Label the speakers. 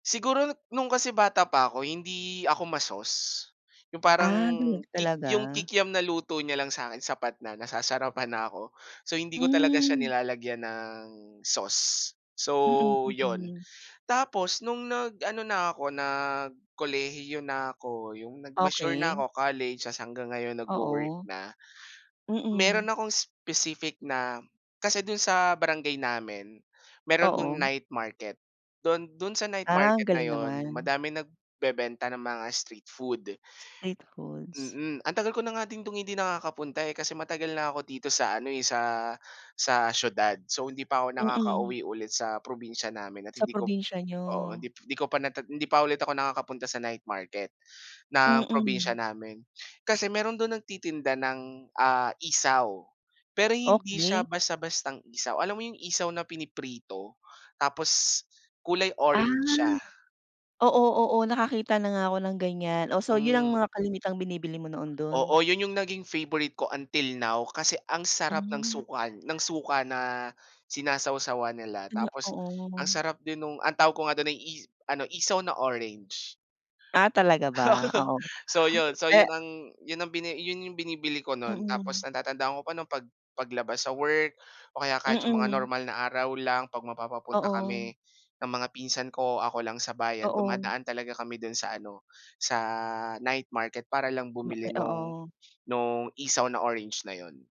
Speaker 1: Siguro nung kasi bata pa ako hindi ako ma-sauce, yung parang
Speaker 2: Ah, tala
Speaker 1: yung kik yung
Speaker 2: talaga?
Speaker 1: kikiam na luto niya lang sa akin sapat na, nasasarapan na ako. So, hindi ko talaga siya
Speaker 2: Hmm.
Speaker 1: nilalagyan ng sauce.
Speaker 2: Mm,
Speaker 1: So, yun,
Speaker 2: mm.
Speaker 1: tapos nung nag-ano na ako, nagkolehiyo na ako, yung nag-mature na
Speaker 2: Okey.
Speaker 1: ako, college tapos hanggang ngayon nagwo-work
Speaker 2: Oo.
Speaker 1: na,
Speaker 2: Mm.
Speaker 1: meron akong specific na kasi dun sa barangay namin, meron dun
Speaker 2: Oo.
Speaker 1: night market, dun dun sa night
Speaker 2: Ah,
Speaker 1: market na
Speaker 2: galing
Speaker 1: yun
Speaker 2: naman.
Speaker 1: madaming nagbebenta ng mga street food.
Speaker 2: Street foods.
Speaker 1: Mm, ang tagal ko na nga din dun hindi nakakapunta, eh. Kasi matagal na ako dito sa ano, sa sa siyudad. So, hindi pa ako
Speaker 2: Mm.
Speaker 1: nakakauwi ulit sa probinsya namin at
Speaker 2: Sa
Speaker 1: hindi ko,
Speaker 2: probinsya niyo.
Speaker 1: oo, hindi hindi ko pa na hindi pa ulit ako nakakapunta sa night market ng probinsya
Speaker 2: Mm.
Speaker 1: namin. Kasi meron dun nagtitinda ng, ah, isaw pero hindi siya
Speaker 2: Okey.
Speaker 1: basta-bastang isaw, alam mo yung isa na piniprito, tapos kulay
Speaker 2: Ah,
Speaker 1: orange siya?
Speaker 2: oo, oo. Nakakita na nga ako ng ganiyan. Oh, so, yun ang
Speaker 1: Mm.
Speaker 2: mga kalimitang binibili mo noon dun?
Speaker 1: Oo, yun yung naging favourite ko until now kasi ang sarap ng
Speaker 2: Hmm.
Speaker 1: suka n ng suka na sinasawsawan nila.
Speaker 2: Ano
Speaker 1: Tapos ang
Speaker 2: oo.
Speaker 1: sarap din nung ang tawag ko nga dun ay i ano, isaw na orange.
Speaker 2: Ah, talaga ba? Oo,
Speaker 1: So, yun. So,
Speaker 2: eh
Speaker 1: yun ang yun ang bini yun yung binibili ko no'n. Tapos
Speaker 2: Mm.
Speaker 1: natatandaan ko pa no'n pag paglabas sa work o kaya kahit yung mga
Speaker 2: Mm.
Speaker 1: normal na araw lang 'pag mapapapunta
Speaker 2: Oo.
Speaker 1: kami ng mga pinsan ko, ako lang sa bayan,
Speaker 2: Oo.
Speaker 1: dumadaan talaga kami do'n sa ano, sa night market para lang bumili
Speaker 2: Ay,
Speaker 1: nung
Speaker 2: oo.
Speaker 1: nung isaw na orange na yun.